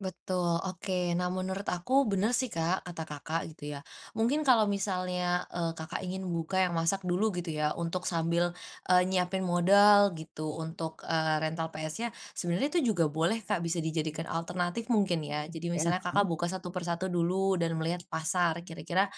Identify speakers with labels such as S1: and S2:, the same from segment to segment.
S1: Betul, oke nah menurut aku bener sih Kak kata Kakak gitu ya, mungkin kalau misalnya, eee, Kakak ingin membuka yang masak dulu gitu ya untuk sambil, eee, nyiapin modal gitu untuk, eee, rental PS-nya, sebenarnya itu juga boleh Kak bisa dijadikan alternatif mungkin ya, jadi
S2: Oke,
S1: misalnya
S2: heeh.
S1: Kakak buka satu persatu dulu dan melihat pasar kira-kira,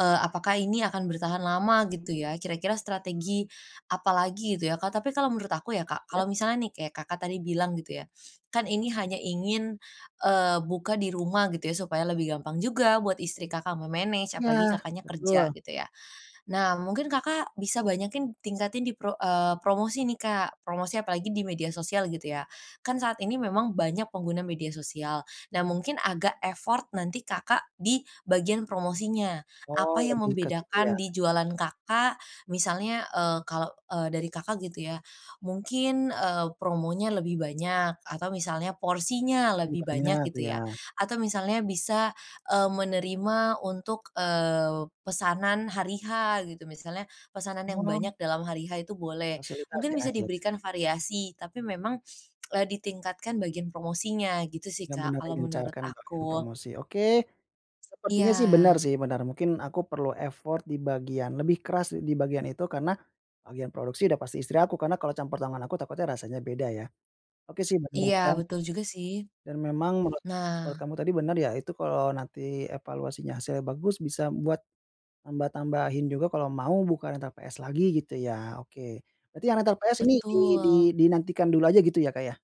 S1: eee, apakah ini akan bertahan lama gitu ya kira-kira strategi, apalagi gitu ya Kak tapi kalau menurut aku ya Kak kalau
S2: Terus?
S1: misalnya nih kayak Kakak tadi bilang gitu ya, kan ini hanya ingin, eee, buka di rumah gitu ya supaya lebih gampang juga buat istri Kakak me-manage
S2: Iya
S1: apalagi Kakaknya kerja
S2: betul.
S1: gitu ya. Nah mungkin Kakak bisa banyakin tingkatin di pro eee, promosi nih Kak, promosi apalagi di media sosial gitu ya, kan saat ini memang banyak pengguna media sosial. Nah mungkin agak effort nanti Kakak di bagian promosinya,
S2: Oh
S1: apa yang
S2: lebih kesitu ya.
S1: membedakan di jualan Kakak misalnya, eee, kalau, eee, dari Kakak gitu ya, mungkin, eee, promonya lebih banyak, atau misalnya porsinya
S2: Lebih
S1: lebih banyak
S2: banyak,
S1: gitu ya,
S2: iya.
S1: atau misalnya bisa, eee, menerima untuk, eee, pesanan hari H gitu, misalnya pesanan yang
S2: Oh.
S1: banyak dalam hari H itu boleh,
S2: Fasilitas
S1: mungkin
S2: ya
S1: bisa
S2: ya.
S1: diberikan variasi tapi memang, e ditingkatkan bagian promosinya gitu sih
S2: Benar
S1: Kak
S2: benar
S1: kalau menurut
S2: digencarkan bagian
S1: aku.
S2: promosi oke, sepertinya sih benar
S1: Iya.
S2: sih benar mungkin aku perlu effort di bagian lebih keras di bagian itu karena, bagian produksi sudah pasti istri aku karena kalau campur tangan aku takutnya rasanya beda ya, oke sih benar
S1: Iya
S2: juga.
S1: betul juga sih,
S2: Dan memang menurut kamu
S1: nah.
S2: menurut kamu tadi benar ya itu kalau nanti evaluasinya hasilnya bagus bisa buat, tambah-tambahin juga kalau mau bukan rental PS lagi gitu ya oke, berarti yang rental PS ini di di
S1: Betul.
S2: dinantikan dulu aja gitu ya Kak ya.